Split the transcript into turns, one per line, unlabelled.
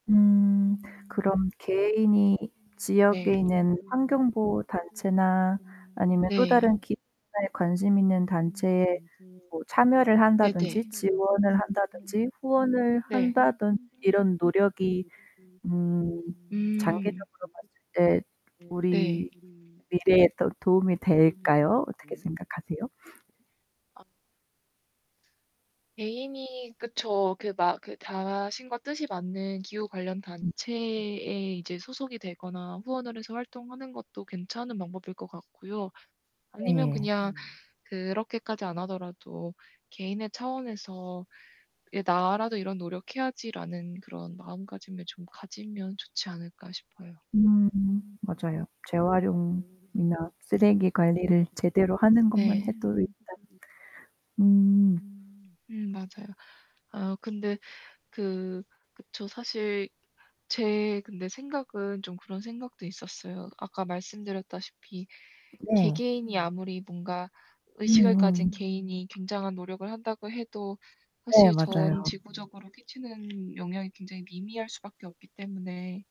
음 그럼 개인이
네.
지역에 있는 환경보호단체나 아니면 또 다른
네.
기업에 관심있는
네네.
단체에 뭐 참여를 한다든지 지원을 한다든지 후원을
네.
한다든지 이런 노력이 음
음.
장기적으로 봤을 때
네.
우리 미래에 더 도움이 될까요? 어떻게 생각하세요?
아. 개인이 그쵸. 그 마 그 자신과 뜻이 맞는 기후 관련
음.
단체에 이제 소속이 되거나 후원을 해서 활동하는 것도 괜찮은 방법일 것 같고요 아니면
네.
그냥 그렇게까지 안 하더라도 "'개인의 차원에서 이게 나라도 이런 노력해야지'라는 그런 마음가짐을 좀 가지면 좋지 않을까?" 싶어요.
음. 맞아요. 재활용이나 쓰레기 관리를 제대로 하는 것만
네.
해도 일단 음.
음, 맞아요. 아 근데 그 그쵸. 사실 제 근데 생각은 좀 그런 생각도 있었어요. 아까 말씀드렸다시피
네.
개개인이 아무리 뭔가 의식을 가진
음음음.
개인이 굉장한 노력을 한다고 해도
네
사실 전
맞아요.
지구적으로 끼치는 영향이 굉장히 미미할 수밖에 없기 때문에